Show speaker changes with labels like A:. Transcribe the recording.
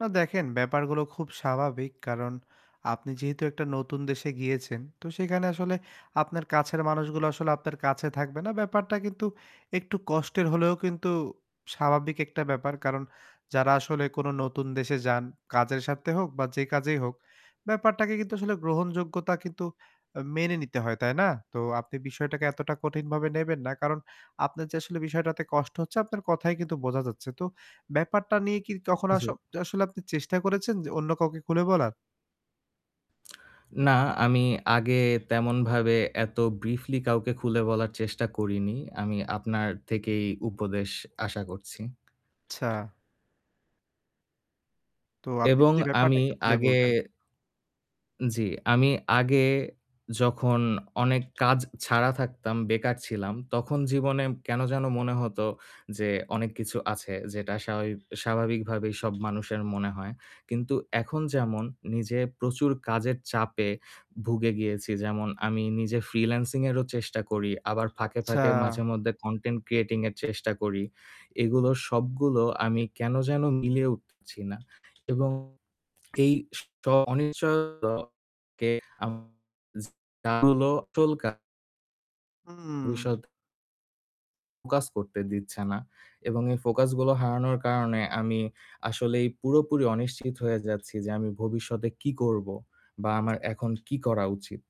A: না দেখেন ব্যাপারগুলো খুব স্বাভাবিক। কারন আপনি যেহেতু একটা নতুন দেশে গিয়েছেন তো সেখানে আসলে আপনার কাছের মানুষগুলো আসলে আপনার কাছে থাকবে না ব্যাপারটা কিন্তু একটু কষ্টের হলেও কিন্তু স্বাভাবিক একটা ব্যাপার কারণ। যারা আসলে কোন নতুন দেশে যান কাজের স্বার্থে হোক বা যে কাজেই হোক, ব্যাপারটাকে কিন্তু আসলে গ্রহণযোগ্যতা কিন্তু অ মেনে নিতে হয়। তাই না? তো আপনি বিষয়টাকে এতটা কঠিনভাবে নেবেন না। কারণ আপনার যে আসলে বিষয়টাতে কষ্ট হচ্ছে আপনার কথাই কিন্তু বোঝা যাচ্ছে। তো ব্যাপারটা নিয়ে কি কখনো আস
B: জ্বী।
A: আসলে আপনি চেষ্টা করেছেন অন্য কাউকে খুলে বলার?
B: না আমি আগে তেমন ভাবে এত ব্রিফলি কাউকে খুলে বলার চেষ্টা করিনি। আমি আপনার থেকেই উপদেশ আশা করছি।
A: আচ্ছা। তো আপনি
B: এবং
A: যদি ব্যাপারটা
B: আমি
A: একটু খুলে
B: আগে
A: বলতেন?
B: জ্বি, আমি আগে যখন অনেক কাজ ছাড়া থাকতাম, বেকার ছিলাম তখন জীবনে কেন যেন মনে হতো যে অনেক কিছু আছে যেটা স্বাভাবি স্বাভাবিকভাবেই সব মানুষের মনে হয়। কিন্তু এখন যেমন নিজে প্রচুর কাজের চাপে ভুগে গিয়েছি। যেমন আমি নিজে ফ্রিল্যান্সিং এরও চেষ্টা করি। আবার ফাঁকে,
A: আচ্ছা।
B: ফাঁকে মাঝেমধ্যে কনটেন্ট ক্রিয়েটিং এর চেষ্টা করি। এগুলো সবগুলো আমি কেন যেন মিলিয়ে উঠছি না। এবং এই থ অনিশ্চ [unintelligible]
A: হুম।
B: ভবিষ্যৎ। ফোকাস করতে দিচ্ছে না। এবং এই ফোকাস গুলো হারানোর কারণে, আমি আসলেই পুরোপুরি অনিশ্চিত হয়ে যাচ্ছি যে আমি ভবিষ্যতে কী করব? বা আমার এখন কী করা উচিত?